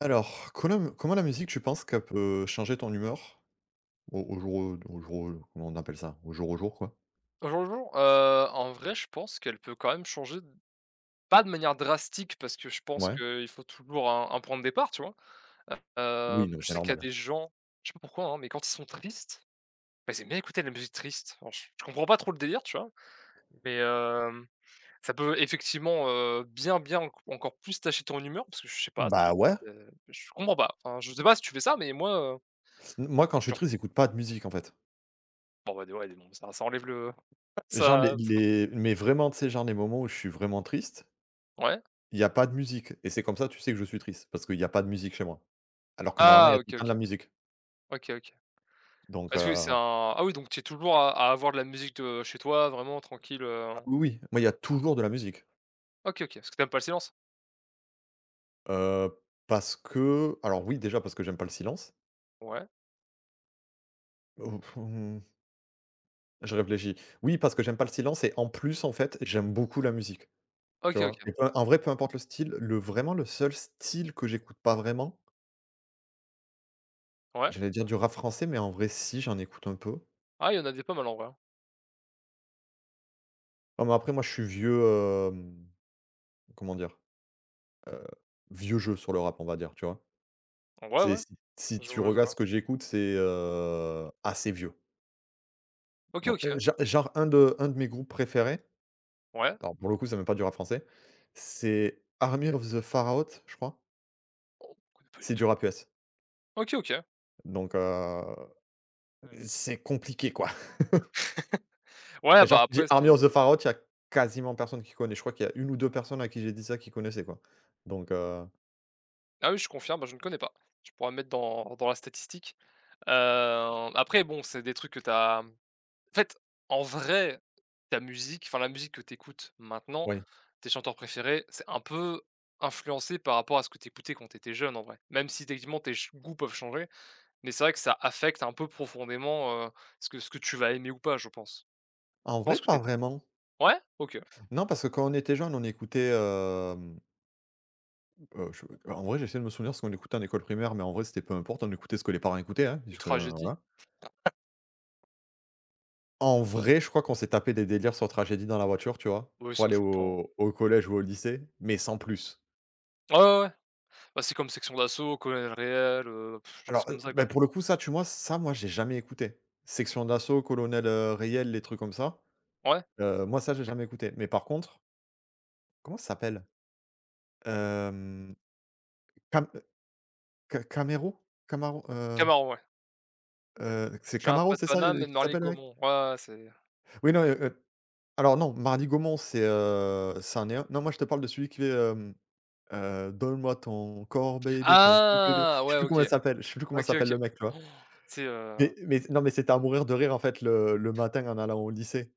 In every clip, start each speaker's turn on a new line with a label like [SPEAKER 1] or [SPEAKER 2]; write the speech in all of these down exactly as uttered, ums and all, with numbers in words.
[SPEAKER 1] Alors connum comment la musique tu penses qu'elle peut changer ton humeur? Au au jour, heu, d'aujour, heu, comment on appelle ça? Au jour, au jour, quoi?
[SPEAKER 2] Au jour le jour, heu, en vrai je pense qu'elle peut quand même changer, pas de manière drastique parce que je pense
[SPEAKER 1] Ouais.
[SPEAKER 2] qu'il faut toujours un un point de départ, tu vois?
[SPEAKER 1] Oui,
[SPEAKER 2] Hem,
[SPEAKER 1] non,
[SPEAKER 2] je
[SPEAKER 1] c'est
[SPEAKER 2] sais qu'il y a
[SPEAKER 1] normal, hein?
[SPEAKER 2] des gens, je sais pas pourquoi, hein, mais quand ils sont tristes, bah, ils aiment bien écouter de la musique triste, alors je je comprends pas trop le délire, tu vois, mais hem, ça peut effectivement, heu, bien bien enc encore plus tâcher ton humeur parce que je sais pas, c'est
[SPEAKER 1] Bah, ouais.
[SPEAKER 2] peut-être, heu je comprends pas, enfin, je sais pas si tu fais ça mais moi heu
[SPEAKER 1] M moi, quand je suis
[SPEAKER 2] Genre
[SPEAKER 1] triste, j'écoute pas de musique, en fait.
[SPEAKER 2] En vrai de vrai [unintelligible] ça ça enlève le
[SPEAKER 1] Genre les
[SPEAKER 2] ça ça change.
[SPEAKER 1] les mais vraiment, tu sais? Genre, les moments où je suis vraiment triste
[SPEAKER 2] Ouais.
[SPEAKER 1] il y a pas de musique et c'est comme ça tu sais que je suis triste parce qu'il y a pas de musique chez moi. Alors que normalement, il
[SPEAKER 2] Ah!
[SPEAKER 1] y a tout le
[SPEAKER 2] OK,
[SPEAKER 1] temps de
[SPEAKER 2] OK.
[SPEAKER 1] la musique
[SPEAKER 2] OK, OK.
[SPEAKER 1] donc
[SPEAKER 2] Parce que c'est un
[SPEAKER 1] heu
[SPEAKER 2] ah oui, donc tu es toujours à à avoir de la musique, heu, chez toi vraiment tranquille, heu?
[SPEAKER 1] Oui, oui, moi, il y a toujours de la musique.
[SPEAKER 2] OK, OK parce que tu aimes pas le silence?
[SPEAKER 1] Heu, parce qu'alors, oui, déjà parce que j'aime pas le silence
[SPEAKER 2] Ouais.
[SPEAKER 1] oh mmh je réfléchis. Oui, parce que j'aime pas le silence et en plus, en fait, j'aime beaucoup la musique. Tu
[SPEAKER 2] OK,
[SPEAKER 1] vois?
[SPEAKER 2] OK.
[SPEAKER 1] Et p en vrai, peu importe le style, le vraiment le seul style que j'écoute pas vraiment
[SPEAKER 2] Ouais.
[SPEAKER 1] j'allais dire du rap français, mais en vrai, si j'en écoute un peu.
[SPEAKER 2] Ah, il y en a des pas mal en vrai, hein?
[SPEAKER 1] Non mais après moi je suis vieux hem comment dire? Heu, vieux jeu sur le rap, on va dire, tu vois?
[SPEAKER 2] Ouais,
[SPEAKER 1] C'est
[SPEAKER 2] ouais.
[SPEAKER 1] si si
[SPEAKER 2] Je
[SPEAKER 1] tu
[SPEAKER 2] vois, je
[SPEAKER 1] regardes ce
[SPEAKER 2] vois.
[SPEAKER 1] que j'écoute, c'est, heu, assez vieux.
[SPEAKER 2] OK,
[SPEAKER 1] Non, heu,
[SPEAKER 2] OK.
[SPEAKER 1] gen genre un de un de mes groupes préférés.
[SPEAKER 2] Ouais.
[SPEAKER 1] Alors pour le coup, ç'est même pas du rap français. C'est Army of the Pharaote, je crois
[SPEAKER 2] Oh, connais pas du
[SPEAKER 1] c'est du
[SPEAKER 2] tout.
[SPEAKER 1] rap US
[SPEAKER 2] OK, OK.
[SPEAKER 1] donc, heu c'est compliqué quoi
[SPEAKER 2] Ouais,
[SPEAKER 1] genre
[SPEAKER 2] bah,
[SPEAKER 1] tu dis:
[SPEAKER 2] après c'est.
[SPEAKER 1] «Army of the
[SPEAKER 2] [unintelligible]
[SPEAKER 1] Pharaote» il y a quasiment personne qui connaît. Je crois qu'il y a une ou deux personnes à qui j'ai dit ça qui connaissaient quoi. Donc heu
[SPEAKER 2] Ah oui, je confirme, bah je ne connais pas. Tu pourras me mettre dans dans la statistique. Heu, après, bon, c'est des trucs que tu as, mmh en fait, en vrai, ta musique, enfin la musique que tu écoutes maintenant,
[SPEAKER 1] Ouais.
[SPEAKER 2] tes chanteurs préférés, c'est un peu influencé par rapport à ce que tu écoutais quand tu étais jeune, en vrai. Même si techniquement tes ch goûts peuvent changer mais c'est vrai que ça affecte un peu profondément, heu, ce que ce que tu vas aimer ou pas, je pense.
[SPEAKER 1] En
[SPEAKER 2] Je
[SPEAKER 1] vrai,
[SPEAKER 2] pense que tu
[SPEAKER 1] pas
[SPEAKER 2] es d
[SPEAKER 1] vraiment.
[SPEAKER 2] ouais? OK.
[SPEAKER 1] Non, parce que quand on était jeune, on écoutait, hem mmh, heu, je, heu, en vrai, j'essaie de me souvenir ce qu'on écoutait en école primaire, mais en vrai, c'était peu importe, on écoutait ce que les parents écoutaient, hein,
[SPEAKER 2] Du
[SPEAKER 1] puisque, hein,
[SPEAKER 2] Tragedy?
[SPEAKER 1] voilà. En vrai, je crois qu'on s'est tapé des délires sur Tragedy dans la voiture, tu vois,
[SPEAKER 2] Oui,
[SPEAKER 1] pour
[SPEAKER 2] ça me
[SPEAKER 1] aller
[SPEAKER 2] choque pas, hein.
[SPEAKER 1] au au collège ou au lycée, mais sans plus.
[SPEAKER 2] Ah ouais, ouais, ouais. Bah c'est comme Sexion d'Assaut, Colonel Reyel, heu,, genre
[SPEAKER 1] Alors,
[SPEAKER 2] c'est comme
[SPEAKER 1] heu,
[SPEAKER 2] ça,
[SPEAKER 1] beh
[SPEAKER 2] quoi.
[SPEAKER 1] pour le coup, ça tu mois ç ça, moi, j'ai jamais écouté. Sexion d'Assaut, Colonel, heu, Reyel, les trucs comme ça.
[SPEAKER 2] Ouais.
[SPEAKER 1] Heu, moi, ça, j'ai jamais écouté. Mais par contre comment ça s'appelle? Hem, Cam, heu, Ca Camerou? Camarou, heu
[SPEAKER 2] Camaro, ouais.
[SPEAKER 1] Heu, q c'est
[SPEAKER 2] «Je viens
[SPEAKER 1] Camaro,
[SPEAKER 2] pas de
[SPEAKER 1] c'est ça le,
[SPEAKER 2] Paname
[SPEAKER 1] heu,
[SPEAKER 2] mais de
[SPEAKER 1] qu'il s'appelle, le mec?
[SPEAKER 2] Marly-Gomont». Ouais, ouais, c'est
[SPEAKER 1] Oui non, heu, heu, alors non, Marly-Gomont c'est, heu, c'en est un non, moi je te parle de celui qui fait, hem, heu «Donne-moi ton corps baby, ton cou bébé»,
[SPEAKER 2] Ah!
[SPEAKER 1] je sais
[SPEAKER 2] Ouais,
[SPEAKER 1] plus
[SPEAKER 2] OK.
[SPEAKER 1] comment elle s'appelle, je sais plus comment
[SPEAKER 2] OK,
[SPEAKER 1] s'appelle
[SPEAKER 2] OK.
[SPEAKER 1] le mec, tu vois?
[SPEAKER 2] Han! Tu sais, heu
[SPEAKER 1] Mais mais c non mais c'était à mourir de rire en fait, le le matin en allant au lycée.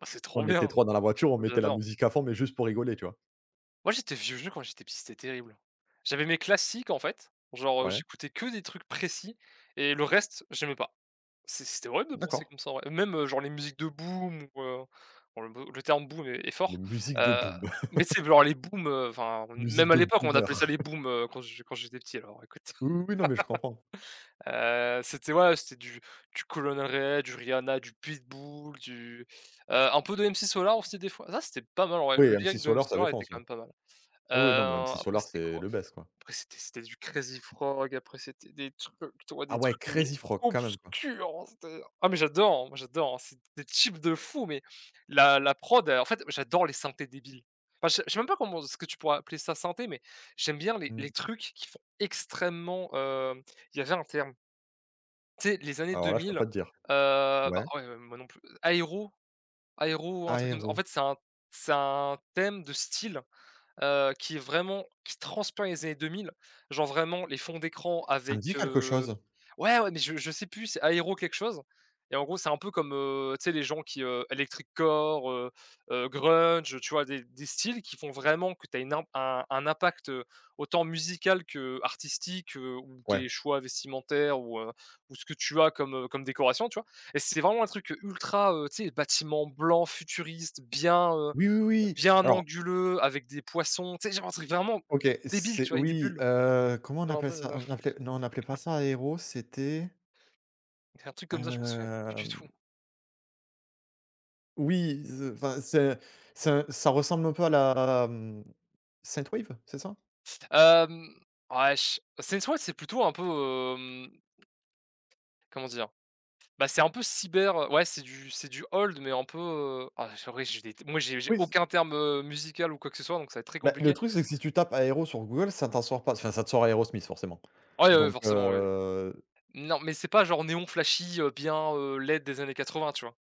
[SPEAKER 2] Ah c'est trop
[SPEAKER 1] On était
[SPEAKER 2] bien!
[SPEAKER 1] trois dans la voiture on
[SPEAKER 2] Moi
[SPEAKER 1] mettait la
[SPEAKER 2] j'adore.
[SPEAKER 1] musique à fond mais juste pour rigoler, tu vois.
[SPEAKER 2] Moi j'étais vieux jeu quand j'étais petit, c'était terrible. J'avais mes classiques, en fait, genre, heu,
[SPEAKER 1] Ouais.
[SPEAKER 2] j'écoutais que des trucs précis et le reste, j'aimais pas. C c'était horrible de
[SPEAKER 1] D'accord.
[SPEAKER 2] penser comme ça en vrai, même, heu, genre les musiques de boum, ou heu, oh le bou, le terme boum est est
[SPEAKER 1] Les
[SPEAKER 2] fort,
[SPEAKER 1] musiques de
[SPEAKER 2] heu,
[SPEAKER 1] boum!
[SPEAKER 2] mais tu sais, v genre les boums, heu, enfin on n
[SPEAKER 1] Musique
[SPEAKER 2] même à
[SPEAKER 1] de
[SPEAKER 2] l'époque, on appelait ça
[SPEAKER 1] boomers!
[SPEAKER 2] les boums, heu, quand j quand j'étais petit, alors écoute!
[SPEAKER 1] Oui, oui, oui, non, mais je comprends.
[SPEAKER 2] Heu, c'était ouais, c'était du du Colonel Reyel, du Rihanna, du Pitbull, du, heu, un peu de MC Solar, aussi des fois, ça c'était pas mal en vrai, le
[SPEAKER 1] Ouais, MC
[SPEAKER 2] lyrique de MC
[SPEAKER 1] Solar ça
[SPEAKER 2] Solar était
[SPEAKER 1] défonce,
[SPEAKER 2] quand
[SPEAKER 1] là.
[SPEAKER 2] même pas mal.
[SPEAKER 1] Oui, oui, non mais
[SPEAKER 2] Heu,
[SPEAKER 1] MC
[SPEAKER 2] après
[SPEAKER 1] Solar
[SPEAKER 2] c'était
[SPEAKER 1] c'est
[SPEAKER 2] quoi?
[SPEAKER 1] le best, quoi.
[SPEAKER 2] Après, c'était c'était du Crazy Frog, après, c'était des trucs, tu vois, des
[SPEAKER 1] Ah ouais!
[SPEAKER 2] trucs mais
[SPEAKER 1] Crazy Frog, quand même, quoi.
[SPEAKER 2] obscurs. Oh c'était! Ah, mais j'adore, hein, moi j'adore, hein! C'était des tubes de fous, mais la la prod est en fait j'adore les synthés débiles. Enfin, je sais je sais même pas comment est-ce que tu pourrais appeler ça, synthé? Mais, j'aime bien les les
[SPEAKER 1] Mmh.
[SPEAKER 2] trucs qui font extrêmement, heu, il y avait un terme tu sais, les années
[SPEAKER 1] Alors
[SPEAKER 2] deux
[SPEAKER 1] là, je peux
[SPEAKER 2] mille. Heu,
[SPEAKER 1] pas te dire. Ouais?
[SPEAKER 2] bah ouais, heu, moi non plus, heu, aero? Aero ou un truc comme ça. En
[SPEAKER 1] Aéro?
[SPEAKER 2] fait, c'est un c'est un thème de style, heu, qui est vraiment, qui transpire les années deux mille, genre vraiment les fonds d'écran
[SPEAKER 1] Ça me dit
[SPEAKER 2] avec,
[SPEAKER 1] quelque
[SPEAKER 2] heu,
[SPEAKER 1] chose.
[SPEAKER 2] ouais, ouais, mais je je sais plus! C'est Aero quelque chose et en gros, c'est un peu comme, heu, tu sais, les gens qui, heu, Electric Core, heu heu, Grunge, heu, tu vois des des styles qui font vraiment que tu as une im un un impact, heu, autant musical qu'artistique, heu, ou
[SPEAKER 1] Ouais.
[SPEAKER 2] tes choix vestimentaires ou, heu, ou ce que tu as, comme, heu, comme décoration, tu vois? Et c'était vraiment un truc, heu, ultra, heu, tu sais, bâtiment blanc futuriste, bien, heu,
[SPEAKER 1] Oui, oui, oui,
[SPEAKER 2] bien
[SPEAKER 1] alors
[SPEAKER 2] anguleux, avec des poissons. Tu sais, genre un truc vraiment d
[SPEAKER 1] OK,
[SPEAKER 2] débile,
[SPEAKER 1] c'est,
[SPEAKER 2] tu vois, avec des
[SPEAKER 1] oui!
[SPEAKER 2] bulles.
[SPEAKER 1] Heu, comment on
[SPEAKER 2] Genre tu
[SPEAKER 1] appelle
[SPEAKER 2] sais,
[SPEAKER 1] ça?
[SPEAKER 2] heu
[SPEAKER 1] On appelait, non, on appelait pas ça Aéro. C'était
[SPEAKER 2] C'est un truc comme ça, je m'en souviens plus du
[SPEAKER 1] hem
[SPEAKER 2] tout.
[SPEAKER 1] oui ze enfin, c'est un c'est un, ça ressemble un peu à la, mmh, synthwave, c'est ça?
[SPEAKER 2] S te hem, wesh c'est une toi c'est plutôt un peu, hem comment dire? Bah c'est un peu cyber, heu, ouais c'est du c'est du old mais un peu, heu, oh j'aurais j'ai des moi j'ai j'ai
[SPEAKER 1] Oui s
[SPEAKER 2] aucun
[SPEAKER 1] heu
[SPEAKER 2] terme, heu, musical ou quoi que ce soit donc ça va être très
[SPEAKER 1] Bah le
[SPEAKER 2] compliqué.
[SPEAKER 1] truc c'est que si tu tapes aero sur Google ça t'en sors pas, enfin ça te sors Aerosmith forcément.
[SPEAKER 2] Ouais, heu,
[SPEAKER 1] Donc
[SPEAKER 2] forcément oui oui.
[SPEAKER 1] heu
[SPEAKER 2] Non mais c'est pas genre néon flashy, heu, bien, heu, LED des années quatre-vingts, tu vois?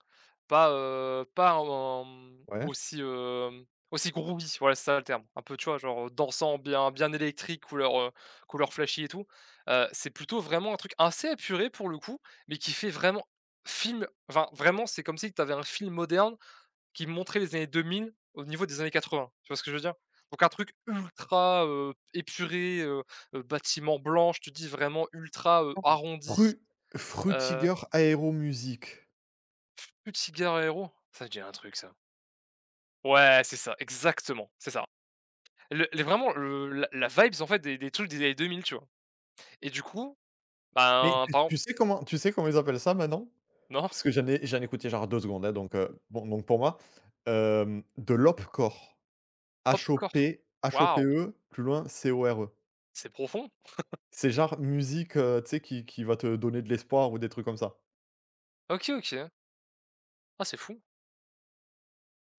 [SPEAKER 2] Pas, heu, pas, heu, en, mmh,
[SPEAKER 1] Ouais.
[SPEAKER 2] aussi, heu, aussi groovy voilà c'est ça le terme. Un peu tu vois genre, heu, dansant bien bien électrique couleur, heu, couleur flashy et tout, heu, c'est plutôt vraiment un truc assez épuré pour le coup, mais qui fait vraiment, film, enfin vraiment c'est comme si que tu avais un film moderne, qui montrait les années deux mille, au niveau des années quatre-vingts, tu vois ce que je veux dire? Donc un truc ultra, heu, épuré, heu heu, bâtiment blanc je te dis vraiment ultra, heu,
[SPEAKER 1] [unintelligible]
[SPEAKER 2] arrondi,
[SPEAKER 1] Fru
[SPEAKER 2] heu
[SPEAKER 1] Frutiger Aero Music
[SPEAKER 2] Fu futiger Aero? Ça me dit un truc ça. ouais c'est ça, exactement, c'est ça. Le les vraiment le la la vibes en fait des des trucs des années deux mille, tu vois? Et du coup,
[SPEAKER 1] Mais,
[SPEAKER 2] ben
[SPEAKER 1] tu
[SPEAKER 2] par on
[SPEAKER 1] tu sais comment tu sais comment ils appellent ça maintenant?
[SPEAKER 2] Non.
[SPEAKER 1] Parce que j'en ai j'en ai écouté genre deux secondes, hein, donc, heu, bon donc pour moi, hem, de l'Hope Core.
[SPEAKER 2] Hope
[SPEAKER 1] H O
[SPEAKER 2] core?
[SPEAKER 1] P H O P
[SPEAKER 2] Waouh.
[SPEAKER 1] E plus loin C O R E
[SPEAKER 2] C'est profond.
[SPEAKER 1] c'est genre musique, heu, tu sais qui qui va te donner de l'espoir ou des trucs comme ça.
[SPEAKER 2] OK, OK. Ah c'est fou.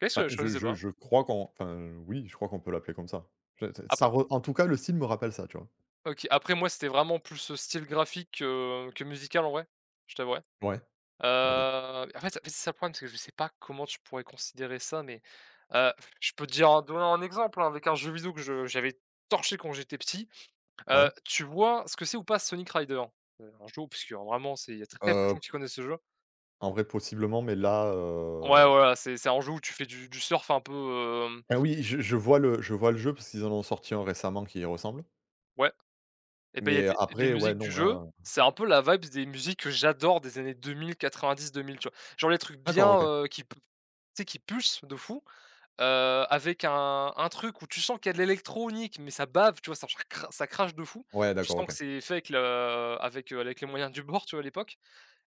[SPEAKER 2] OK, ce
[SPEAKER 1] Bah
[SPEAKER 2] que je
[SPEAKER 1] je
[SPEAKER 2] connaissais
[SPEAKER 1] je
[SPEAKER 2] pas.
[SPEAKER 1] je crois qu'on enfin oui, je crois qu'on peut l'appeler comme ça. Ç ç ça
[SPEAKER 2] Après
[SPEAKER 1] re en tout cas le style me rappelle ça, tu vois?
[SPEAKER 2] OK, après moi c'était vraiment plus le style graphique que que musical en vrai je t'avouerais.
[SPEAKER 1] Ouais,
[SPEAKER 2] Heu,
[SPEAKER 1] OK.
[SPEAKER 2] en fait c'est ça le problème parce que je sais pas comment tu pourrais considérer ça mais, heu, je peux te dire en donnant un exemple hein, avec un jeu vidéo que je j'avais torché quand j'étais petit. Heu,
[SPEAKER 1] Ouais.
[SPEAKER 2] tu vois ce que c'est ou pas Sonic Riders? Heu, un jeu obscur vraiment c'est il y a très peu de gens
[SPEAKER 1] Heu
[SPEAKER 2] qui connaissent ce jeu.
[SPEAKER 1] en vrai possiblement mais là,
[SPEAKER 2] Ouais,
[SPEAKER 1] heu
[SPEAKER 2] voilà, c'est c'est un jeu où tu fais du du surf un peu, hem.
[SPEAKER 1] Ah oui je je vois le je vois le jeu parce qu'ils en ont sorti un récemment qui y ressemble
[SPEAKER 2] Ouais et beh il y a
[SPEAKER 1] mais
[SPEAKER 2] des les
[SPEAKER 1] après ouais,
[SPEAKER 2] musiques du
[SPEAKER 1] non
[SPEAKER 2] jeu,
[SPEAKER 1] là
[SPEAKER 2] c'est un peu la vibes des musiques que j'adore des années deux mille-quatre-vingt-dix-deux mille tu vois? Genre les trucs bien,
[SPEAKER 1] D'accord, OK.
[SPEAKER 2] heu, qui p tu sais qui pulse de fou, heu, avec un un truc où tu sens qu'il y a de l'électronique mais ça bave tu vois, genre ça cr ça crache de fou.
[SPEAKER 1] Ouais
[SPEAKER 2] Tu
[SPEAKER 1] d'accord,
[SPEAKER 2] sens que
[SPEAKER 1] OK.
[SPEAKER 2] c'est fait avec le avec, heu, avec les moyens du bord, tu vois à l'époque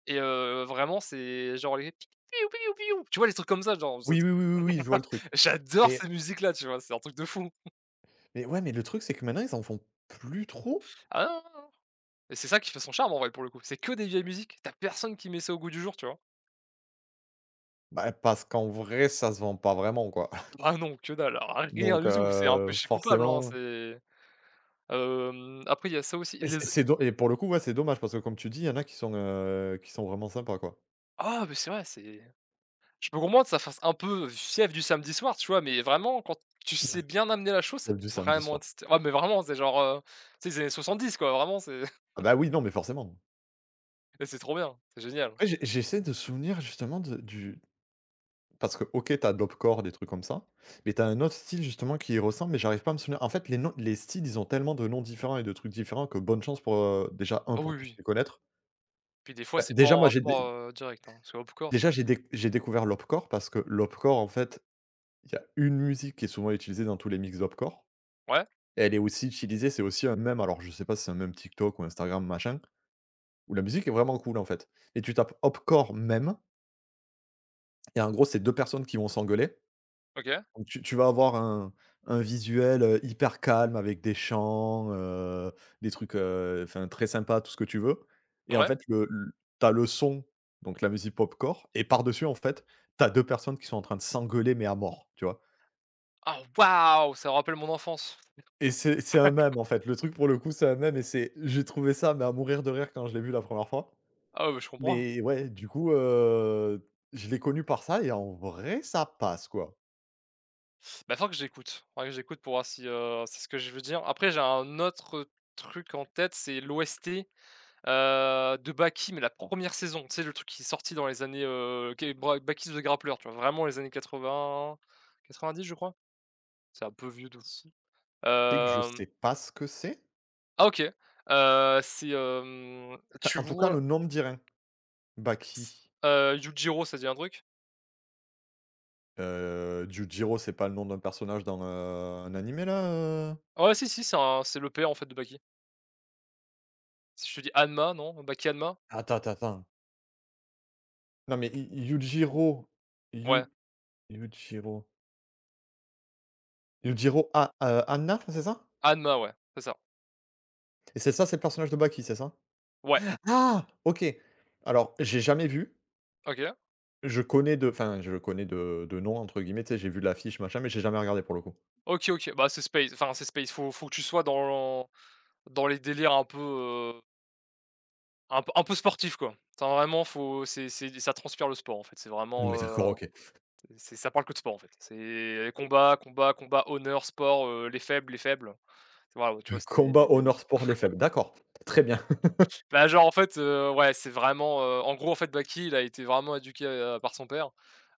[SPEAKER 2] et heu, vraiment, c'est genre les: «piou, piou, piou». Tu vois les trucs comme ça genre jade
[SPEAKER 1] Oui, oui, oui, oui je vois le truc
[SPEAKER 2] J'adore
[SPEAKER 1] et
[SPEAKER 2] ces musiques là, tu vois? C'est un truc de fou.
[SPEAKER 1] et ouais mais le truc c'est que maintenant ils en font plus trop.
[SPEAKER 2] Ah non, non, non et c'est ça qui fait son charme en vrai pour le coup c'est que des vieilles musiques tu as personne qui met ça au goût du jour, tu vois?
[SPEAKER 1] Bah parce qu'en vrai ça se vend pas vraiment, quoi
[SPEAKER 2] Ah bah non que dalle rien
[SPEAKER 1] donc
[SPEAKER 2] du tout c'est un
[SPEAKER 1] heu,
[SPEAKER 2] pêché coupable, hein
[SPEAKER 1] forcément
[SPEAKER 2] c'est, hem, après il y a ça aussi
[SPEAKER 1] et c
[SPEAKER 2] les
[SPEAKER 1] et
[SPEAKER 2] z
[SPEAKER 1] c'est do et pour le coup ouais c'est dommage parce que comme tu dis il y en a qui sont, heu, qui sont vraiment sympas, quoi.
[SPEAKER 2] Ah mais c'est vrai c'est je peux comprendre ça fasse un peu fièvre du samedi soir, tu vois? Mais vraiment quand tu sais bien amener la chose ça
[SPEAKER 1] Celle du
[SPEAKER 2] peut
[SPEAKER 1] samedi
[SPEAKER 2] vraiment
[SPEAKER 1] soir.
[SPEAKER 2] être sty ouais mais vraiment c'est genre, heu, c'est les années soixante-dix, quoi, vraiment c'est
[SPEAKER 1] Ah bah oui, non mais forcément.
[SPEAKER 2] mais c'est trop bien c'est génial.
[SPEAKER 1] Ouais, j j'essaie de souvenir justement de du parce que OK, tu as de l'opcore, des trucs comme ça, mais tu as un autre style justement qui y ressemble mais j'arrive pas à me souvenir, en fait les noms les styles ils ont tellement de noms différents et de trucs différents, que bonne chance pour, heu, déjà un
[SPEAKER 2] Oh
[SPEAKER 1] pour
[SPEAKER 2] oui,
[SPEAKER 1] tous
[SPEAKER 2] oui
[SPEAKER 1] les connaître
[SPEAKER 2] puis des fois
[SPEAKER 1] bah
[SPEAKER 2] c'est pas
[SPEAKER 1] déjà
[SPEAKER 2] en
[SPEAKER 1] moi j'ai
[SPEAKER 2] rapport,
[SPEAKER 1] dé
[SPEAKER 2] heu, direct hein, parce que opcore c'est
[SPEAKER 1] Déjà
[SPEAKER 2] vrai
[SPEAKER 1] j'ai
[SPEAKER 2] que
[SPEAKER 1] dé j'ai découvert l'opcore parce que l'opcore en fait, il y a une musique qui est souvent utilisée dans tous les mix d'opcore.
[SPEAKER 2] Ouais.
[SPEAKER 1] Elle est aussi utilisée c'est aussi un mème alors je sais pas si c'est un mème TikTok ou Instagram machin ou la musique est vraiment cool, en fait et tu tapes opcore mème et en gros c'est deux personnes qui vont s'engueuler.
[SPEAKER 2] OK.
[SPEAKER 1] Donc, tu tu vas avoir un un visuel, heu, hyper calme avec des champs, heu, des trucs, heu, enfin très sympa, tout ce que tu veux et en
[SPEAKER 2] Ouais.
[SPEAKER 1] fait, le ta leçon, donc la musique popcore et par dessus, en fait, tu as deux personnes qui sont en train de s'engueuler, mais à mort, tu vois
[SPEAKER 2] Ah waouh, ça rappelle mon enfance.
[SPEAKER 1] et c'est c'est un mème, en fait, le truc pour le coup, c'est un mème et c'est j'ai trouvé ça, mais à mourir de rire quand je l'ai vu la première fois.
[SPEAKER 2] Ah oui je comprends.
[SPEAKER 1] Mais ouais, du coup, heu, je l'ai connu par ça et en vrai, ça passe quoi.
[SPEAKER 2] Bah faudra que j'écoute, faudra que j'écoute pour voir si, heu, si ce que je veux dire. Après j'ai un autre, heu, truc en tête, c'est l'OST, heu, de Baki, mais la première saison. Tu sais le truc qui est sorti dans les années heu, qué bre Baki The Grappler, tu vois? Vraiment les années quatre-vingts-quatre-vingt-dix, je crois? C'est un peu vieux de fou.
[SPEAKER 1] Tu sais que je
[SPEAKER 2] Hem
[SPEAKER 1] sais pas ce que c'est.
[SPEAKER 2] Ah OK, heu, c'est, hem,
[SPEAKER 1] enfin,
[SPEAKER 2] tu
[SPEAKER 1] en tout cas le
[SPEAKER 2] vois
[SPEAKER 1] nom me dit rien.
[SPEAKER 2] s
[SPEAKER 1] Baki.
[SPEAKER 2] heu, Yujiro ça te dit un truc?
[SPEAKER 1] Heu, Djudiro c'est pas le nom d'un personnage dans, heu, un animé là, heu
[SPEAKER 2] Ah ouais, si si c'est en c'est le père en fait de Baki si je te dis Hanma non? Baki Hanma?
[SPEAKER 1] Attends, tends, tends non mais i i Yujiro
[SPEAKER 2] Ouais.
[SPEAKER 1] Yud Yujiro Yujiro Ha, heu, Hanna c'est ça
[SPEAKER 2] Hanma, ouais. C'est ça.
[SPEAKER 1] et c'est ça c'est le personnage de Baki c'est ça?
[SPEAKER 2] Ouais.
[SPEAKER 1] Ah OK! Alors j'ai jamais vu
[SPEAKER 2] OK.
[SPEAKER 1] je connais de, enfin je connais de de «nom» entre guillemets, tu sais j'ai vu l'affiche machin mais j'ai jamais regardé pour le coup.
[SPEAKER 2] OK, OK bah c'est space enfin c'est space faut faut que tu sois dans lan dans les délires un peu, heu un p un peu sportif, quoi. Enfin vraiment faut c'est c'est d ça transpire le sport, en fait. C'est
[SPEAKER 1] Mais ouais,
[SPEAKER 2] vraiment,
[SPEAKER 1] d'accord
[SPEAKER 2] heu,
[SPEAKER 1] OK.
[SPEAKER 2] c c'est ça parle que de sport, en fait. C'est les combats combats combats honneur sport, heu, les faibles les faibles. T waouh tu vois?
[SPEAKER 1] Le
[SPEAKER 2] C'est des
[SPEAKER 1] combat,
[SPEAKER 2] des
[SPEAKER 1] honneur, sport, les faibles d'accord très bien.
[SPEAKER 2] Bah genre en fait, heu, ouais c'est vraiment, heu, en gros, en fait Baki il a été vraiment éduqué, heu, par son père,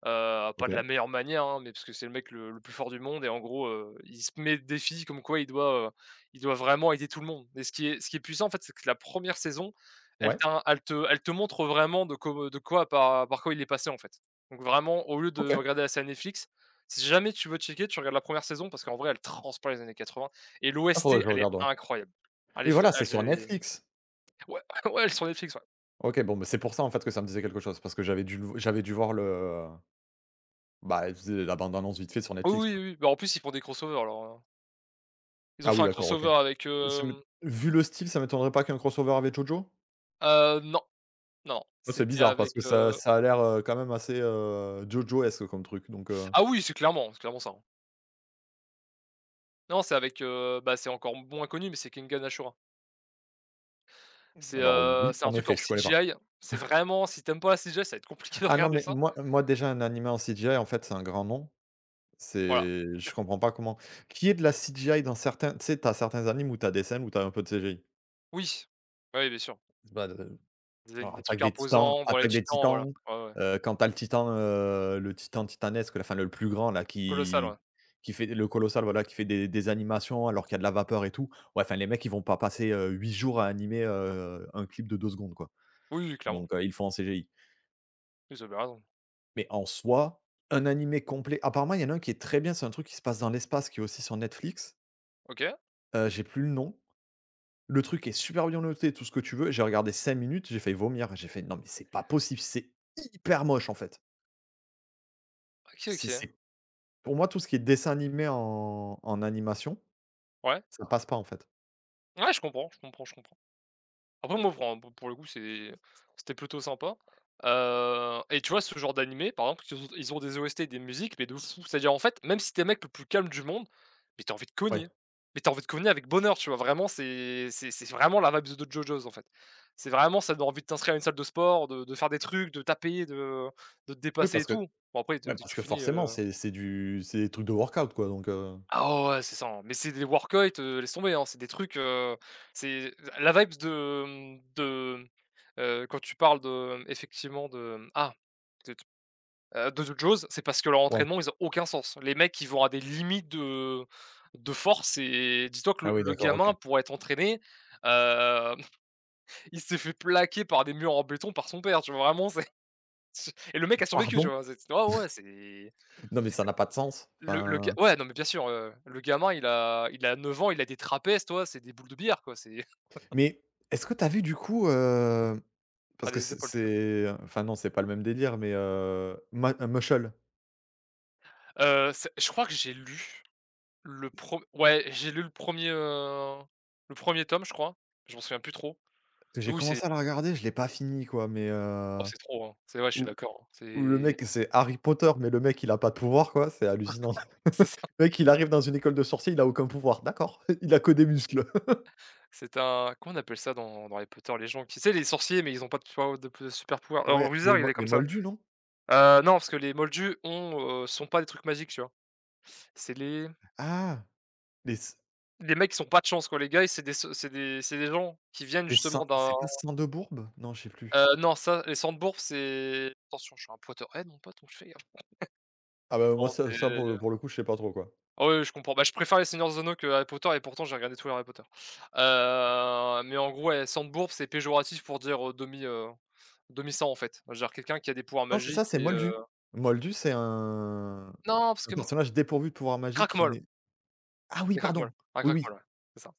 [SPEAKER 2] heu, pas de la
[SPEAKER 1] OK.
[SPEAKER 2] meilleure manière, hein, mais parce que c'est le mec le le plus fort du monde et en gros, heu, il se met d défis comme quoi il doit, heu, il doit vraiment aider tout le monde et ce qui est ce qui est puissant, en fait, c'est que la première saison, elle
[SPEAKER 1] Ouais.
[SPEAKER 2] ta elle te elle te montre vraiment de cob heu, de quoi par par quoi il est passé, en fait. Donc vraiment au lieu de
[SPEAKER 1] OK.
[SPEAKER 2] regarder la série Netflix si jamais tu veux checker tu regardes la première saison parce qu'en vrai, elle transpire les années quatre-vingts et
[SPEAKER 1] Ah
[SPEAKER 2] l'OST,
[SPEAKER 1] faudrait que je le
[SPEAKER 2] elle est
[SPEAKER 1] regarde, ouais.
[SPEAKER 2] incroyable. Elle
[SPEAKER 1] Oui
[SPEAKER 2] est vrai
[SPEAKER 1] voilà c'est
[SPEAKER 2] elle,
[SPEAKER 1] sur
[SPEAKER 2] j'ai
[SPEAKER 1] Netflix?
[SPEAKER 2] ouais, ouais elle est sur Netflix, ouais.
[SPEAKER 1] OK, bon, ben, c'est pour ça, en fait, que ça me disait quelque chose, parce que j'avais dû le v j'avais dû voir le, heu bah, elle faisait la bande annonce, vite fait, sur
[SPEAKER 2] Oui,
[SPEAKER 1] Netflix,
[SPEAKER 2] oui,
[SPEAKER 1] quoi.
[SPEAKER 2] oui, bah, en plus, ils font des crossovers alors, heu ils ont
[SPEAKER 1] Ah,
[SPEAKER 2] fait
[SPEAKER 1] oui,
[SPEAKER 2] un
[SPEAKER 1] d'accord, OK.
[SPEAKER 2] crossovers avec
[SPEAKER 1] Aussi mu
[SPEAKER 2] hem
[SPEAKER 1] vu le style, ça m'étonnerait pas qu'il y ait un crossovers avec JoJo?
[SPEAKER 2] Heu, non. Non.
[SPEAKER 1] Ouais, c'est
[SPEAKER 2] C'était
[SPEAKER 1] bizarre parce que
[SPEAKER 2] avec,
[SPEAKER 1] ça
[SPEAKER 2] heu
[SPEAKER 1] ça a l'air, heu, quand même, assez, heu, JoJo-esque, comme truc donc, heu
[SPEAKER 2] Ah, oui, c'est clairement c'est clairement ça, hein non, c'est, avec, heu, bah, c'est encore b moins connu mais c'est Kengan Ashura
[SPEAKER 1] Mmh,
[SPEAKER 2] c'est,
[SPEAKER 1] alors,
[SPEAKER 2] heu,
[SPEAKER 1] oui,
[SPEAKER 2] c'est un
[SPEAKER 1] en
[SPEAKER 2] truc en
[SPEAKER 1] effet, je connais pas.
[SPEAKER 2] CGI. C'est vraiment, si tu aimes pas la CGI, ça va être compliqué de
[SPEAKER 1] Ah non,
[SPEAKER 2] regarder
[SPEAKER 1] mais
[SPEAKER 2] ça.
[SPEAKER 1] moi, moi, déjà, un animé en CGI, en fait, c'est un grand non.
[SPEAKER 2] Voilà.
[SPEAKER 1] C'est je comprends pas comment. Qu'il y ait de la CGI dans certains, tu sais, tu as certains animes où tu as des scènes où tu as un peu de CGI
[SPEAKER 2] Oui. Bah, ouais, bien sûr.
[SPEAKER 1] bah de
[SPEAKER 2] D zen,
[SPEAKER 1] genre, heu,
[SPEAKER 2] des
[SPEAKER 1] Attaque
[SPEAKER 2] trucs
[SPEAKER 1] des Titans,
[SPEAKER 2] imposants, bon, les
[SPEAKER 1] Attaque des
[SPEAKER 2] Titans. Voilà.
[SPEAKER 1] Titans,
[SPEAKER 2] Ouais, ouais.
[SPEAKER 1] heu, quand tu as le Titan, heu, le Titan titanesque, là, enfin, le le plus grand, là,
[SPEAKER 2] Colossal,
[SPEAKER 1] qui
[SPEAKER 2] ouais.
[SPEAKER 1] qui fait le Colossal, voilà qui fait des des animations alors qu'il y a de la vapeur et tout, ouais, enfin, les mecs, ils vont pas passer, heu, huit jours à animer, heu, un clip de deux secondes, quoi.
[SPEAKER 2] Oui, oui, clairement.
[SPEAKER 1] Donc, heu, ils le font en CGI
[SPEAKER 2] Ils avaient raison.
[SPEAKER 1] mais, en soi, un animé complet apparemment, il y en a un qui est très bien, c'est un truc qui se passe dans l'espace qui est aussi sur Netflix
[SPEAKER 2] OK.
[SPEAKER 1] heu, j'ai plus le nom. Le truc est super bien noté, tout ce que tu veux et j'ai regardé cinq minutes, j'ai failli vomir. J'ai fait: «Non, mais c'est pas possible, c'est hyper moche, en fait»
[SPEAKER 2] OK,
[SPEAKER 1] c'est
[SPEAKER 2] OK.
[SPEAKER 1] c'est pour moi, tout ce qui est dessin animé en en animation,
[SPEAKER 2] Ouais?
[SPEAKER 1] ça passe pas, en fait.
[SPEAKER 2] Ouais, je comprends, je comprends, je comprends. Après, moi, fran pou pour le coup, c'est c'était plutôt sympa. Heu et tu vois ce genre d'animé, par exemple, qu ils ont ils ont des OST, des musiques mais de fou. C'est-à-dire, en fait, même si tu es le mec le plus calme du monde, mais tu as envie de cogner,
[SPEAKER 1] Ouais.
[SPEAKER 2] mais tu as envie de cogner avec bonheur, tu vois? Vraiment c'est c'est c'est vraiment la vibes de JoJo's, en fait. C'est vraiment, ça donne envie de t'inscrire à une salle de sport, de de faire des trucs, de taper, de, heu, de te
[SPEAKER 1] Oui
[SPEAKER 2] dépasser et
[SPEAKER 1] parce que,
[SPEAKER 2] tout. Bon, après, de
[SPEAKER 1] ben,
[SPEAKER 2] dès que
[SPEAKER 1] parce
[SPEAKER 2] tu
[SPEAKER 1] que,
[SPEAKER 2] finis,
[SPEAKER 1] forcément,
[SPEAKER 2] heu
[SPEAKER 1] c'est c'est du c'est des trucs de workout, quoi donc heu
[SPEAKER 2] Ah ouais, ouais, ouais, c'est ça, hein, mais c'est des workeuyt, heu, laisse tomber, hein. C'est des trucs, heu, c'est, heu, la vibes de, hem, de, heu, quand tu parles de, hem, effectivement de, hem. Ah! De te, heu, de JoJo's, c'est parce que leur
[SPEAKER 1] Ouais.
[SPEAKER 2] entraînement, ils ont aucun sens. Les mecs, ils vont à des limites de, heu, de force et dis-toi que
[SPEAKER 1] Ah,
[SPEAKER 2] le
[SPEAKER 1] oui,
[SPEAKER 2] le
[SPEAKER 1] d'accord. OK.
[SPEAKER 2] gamin, pour être entraîné, hem, il s'est fait plaquer par des murs en béton par son père, tu vois? Vraiment, c'est et le mec a survécu, tu
[SPEAKER 1] Pardon?
[SPEAKER 2] vois? C'est c ouais ouais ouais, c'est
[SPEAKER 1] Non, mais ça n'a pas de sens,
[SPEAKER 2] Le le ga
[SPEAKER 1] enfin
[SPEAKER 2] ouais, non, mais bien sûr, heu, le gamin il a il a neuf ans, il la des trapèzes, tu vois? C'est des boules de billard, quoi, c'est
[SPEAKER 1] Mais est-ce que tu as vu, du coup, hem, parce
[SPEAKER 2] A
[SPEAKER 1] que
[SPEAKER 2] les
[SPEAKER 1] c'est
[SPEAKER 2] épaules, plutôt.
[SPEAKER 1] c'est enfin non, c'est pas le même délire, mais heu, man heu, Mushle?
[SPEAKER 2] Heu, c'est je crois que j'ai lu, le prem ouais, j'ai lu le premier, heu, le premier tome, je crois. Je m'en souviens plus trop, mais
[SPEAKER 1] J'ai
[SPEAKER 2] oui, c'est
[SPEAKER 1] commencé à le regarder, je l'ai pas fini, quoi mais
[SPEAKER 2] oh,
[SPEAKER 1] heu,
[SPEAKER 2] c'est trop, hein. C'est vrai, je suis
[SPEAKER 1] où
[SPEAKER 2] d'accord,
[SPEAKER 1] où le
[SPEAKER 2] c'est
[SPEAKER 1] mec, c'est Harry Potter mais le mec, il a pas de pouvoir, quoi, c'est hallucinant.
[SPEAKER 2] c'est ça.
[SPEAKER 1] Le mec, il arrive dans une école de sorciers, il a aucun pouvoir. D'accord. Il a que des muscles.
[SPEAKER 2] C'est un comment on appelle ça dans dans Harry Potter, les gens qui, tu sais, les sorciers mais ils ont pas, tu vois, au d de supers pouvoirs. Alors
[SPEAKER 1] Ouais,
[SPEAKER 2] Wizard,
[SPEAKER 1] les
[SPEAKER 2] il
[SPEAKER 1] mol
[SPEAKER 2] est
[SPEAKER 1] les
[SPEAKER 2] comme ça.
[SPEAKER 1] moldus, non?
[SPEAKER 2] Heu, non parce que les moldus ont, heu, s ont pas des trucs magiques, tu vois? C'est les
[SPEAKER 1] Ah! Mais c
[SPEAKER 2] les mecs ils s ont pas de chance, quoi, les gars, ils c'est des s c'est des c'est des gens qui viennent
[SPEAKER 1] les
[SPEAKER 2] justement
[SPEAKER 1] Sang
[SPEAKER 2] d'un
[SPEAKER 1] c'est pas Sang-de-bourbe? Non, je sais plus.
[SPEAKER 2] heu, non, ça, les Sang-de-Bourbe, c'est attention, je suis un Potterhead, mon pote, donc je fais gaffe.
[SPEAKER 1] Ah, ben, moi
[SPEAKER 2] Bon,
[SPEAKER 1] ça
[SPEAKER 2] c'est
[SPEAKER 1] ça,
[SPEAKER 2] le
[SPEAKER 1] pour le
[SPEAKER 2] le
[SPEAKER 1] pour le coup, je sais pas trop, quoi.
[SPEAKER 2] Ah oui, oui, oui, je comprends. Bah, je préfère Les Seigneur des anneaux que Harry Potter et pourtant, j'ai regardé tout les Harry Potter. Heu, mais en gros, ouais, Sang-de-Bourbe, c'est péjoratif pour dire, heu, demi, heu, demi-sang, en fait. Genre quelqu'un qui a des pouvoirs
[SPEAKER 1] Non, c'est ça,
[SPEAKER 2] magiques
[SPEAKER 1] c'est
[SPEAKER 2] et heu
[SPEAKER 1] moldu. Moldu, c'est un
[SPEAKER 2] Non parce
[SPEAKER 1] un
[SPEAKER 2] que m
[SPEAKER 1] personnage dépourvu de pouvoir magique qui
[SPEAKER 2] Cracmol
[SPEAKER 1] nait ah, oui
[SPEAKER 2] les Cracmols.
[SPEAKER 1] pardon!
[SPEAKER 2] Un
[SPEAKER 1] Oui oui!
[SPEAKER 2] Cracmol, ouais, c'est ça.